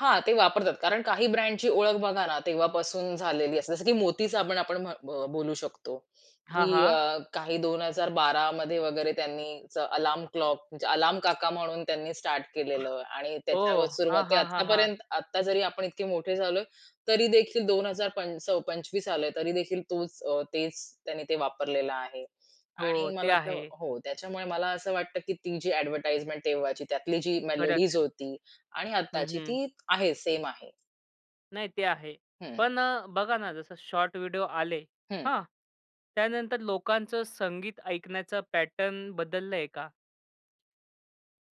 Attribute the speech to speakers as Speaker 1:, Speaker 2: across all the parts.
Speaker 1: हां, ते वापरतात. कारण काही ब्रँडची ओळख बघा ना, तेव्हापासून झालेली असते. जसं की मोती साबण आपण म्हण अ, बोलू शकतो,
Speaker 2: हां,
Speaker 1: की
Speaker 2: हां.
Speaker 1: अ, काही 2012 वगैरे, त्यांनीच अलार्म क्लॉक म्हणजे अलार्म काका म्हणून त्यांनी स्टार्ट केलेलं आणि त्याच्यावर
Speaker 2: ओह! हां,
Speaker 1: सुरुवाती
Speaker 2: हां, हां, हां.
Speaker 1: आतापर्यंत आता जरी आपण इतके मोठे झालोय, तरी देखील 2000 पंचस 25 आलय तरी देखील तोच अ, तेच त्यांनी ते वापरलेलं आहे आणि
Speaker 2: हो, ते
Speaker 1: मला तर
Speaker 2: आहे.
Speaker 1: हो, त्याच्यामुळे मला असं वाटतं, की ती जी एडव्हर्टाइजमेंट तेव्हाची त्यातली जी मेलोडीज
Speaker 2: खरंच.
Speaker 1: होती आणि
Speaker 2: हं,
Speaker 1: आत्ताची
Speaker 2: हं.
Speaker 1: ती आहे सेम आहे.
Speaker 2: नाही ते आहे.
Speaker 1: हं.
Speaker 2: पण अ, बघा ना, जसं शॉर्ट व्हिडिओ आले.
Speaker 1: हं.
Speaker 2: हां, त्यानंतर लोकांचं संगीत ऐकण्याचा पॅटर्न बदललंय का?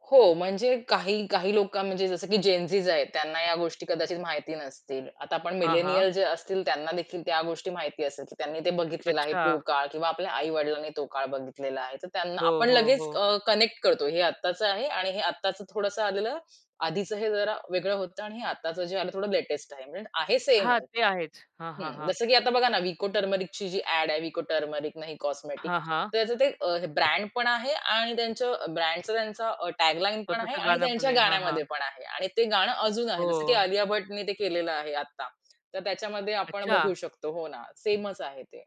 Speaker 1: हो, म्हणजे काही, काही लोकं म्हणजे जसं की जेनझीज आहेत. त्यांना या गोष्टी कदाचित माहिती नसतील. आता आपण
Speaker 2: हां, हां.
Speaker 1: मिलेनियल जे असतील त्यांना देखील त्या गोष्टी माहिती असेल, त्यांनी ते बघितलेलं आहे तो
Speaker 2: अच्छा.
Speaker 1: काळ किंवा आपल्या आई-वडिलांनी तो काळ बघितलेला आहे. तर त्यांना
Speaker 2: हो,
Speaker 1: आपण
Speaker 2: हो,
Speaker 1: लगेच
Speaker 2: हो.
Speaker 1: अ, कनेक्ट करतो. हे आत्ताचं आहे आणि हे आत्ताचं थोडंसं आलेलं आधीच हे जरा वेगळं होतं आणि हे आत्ताचं जे आलं थोडं लेटेस्ट आहे. म्हणजे आहे
Speaker 2: हां,
Speaker 1: सेमच.
Speaker 2: ते आहेच. हां, हां,
Speaker 1: हं,
Speaker 2: हां.
Speaker 1: जसं की आता बघा ना, विको टर्मरिकची जी ॲड आहे, विको टर्मरिक नही कॉस्मेटिक.
Speaker 2: हां, हां.
Speaker 1: तर त्याचं ते अ, ब्रँड पण आहे आणि त्यांचं ब्रँडचा त्यांचा अ, टॅग लाईनपण आहे
Speaker 2: स्वतःच
Speaker 1: आणि
Speaker 2: गाणं पण
Speaker 1: त्यांच्या
Speaker 2: आहे. हां, हां.
Speaker 1: गाण्यामध्ये पण आहे आणि ते गाणं अजून आहे. जसं की
Speaker 2: हो.
Speaker 1: अलिया भट्टने ते केलेलं आहे आत्ता. तर त्याच्यामध्ये आपण बघू
Speaker 2: अच्छा.
Speaker 1: शकतो. हो ना, सेमच आहे ते.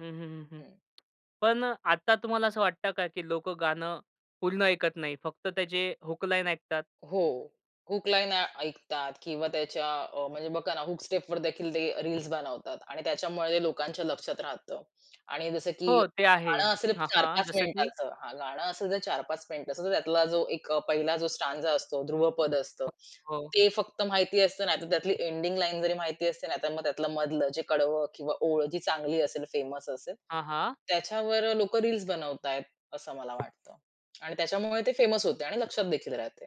Speaker 2: हं, हं, हं, हं.
Speaker 1: हं.
Speaker 2: पण अ, आता तुम्हाला असं वाटतं का, की लोकं गाणं पूर्ण ऐकत नाही फक्त त्याचे हूक लाईन ऐकतात?
Speaker 1: हो, हूक लाईन आ ऐकतात किंवा त्याच्या अ, म्हणजे बघा ना, हूक स्टेपवर देखील ते रील्स बनवतात आणि त्याच्यामुळे ते लोकांच्या लक्षात राहतं आणि जसं की
Speaker 2: हो, ते आहे.
Speaker 1: गाणं असेल
Speaker 2: हां,
Speaker 1: चार
Speaker 2: हां
Speaker 1: पाच
Speaker 2: जसं की?
Speaker 1: मिनिटाच हां, गाणं असेल जर 4-5 मिनिटाच तर त्यातला जो एक अ, पहिला जो स्टांझा असतो, ध्रुवपद असतं,
Speaker 2: हो.
Speaker 1: ते फक्त माहिती असतं. नाहीतर त्यातली एंडिंग लाईन जरी माहिती असते नाहीतर मग त्यातलं मधलं जे कडवं किंवा ओळ जी चांगली असेल फेमस असेल
Speaker 2: हां, हां.
Speaker 1: त्याच्यावर लोकं रील्स बनवतायत. असं मला वाटतं. आणि त्याच्यामुळे ते फेमस होते आणि लक्षात देखील राहते.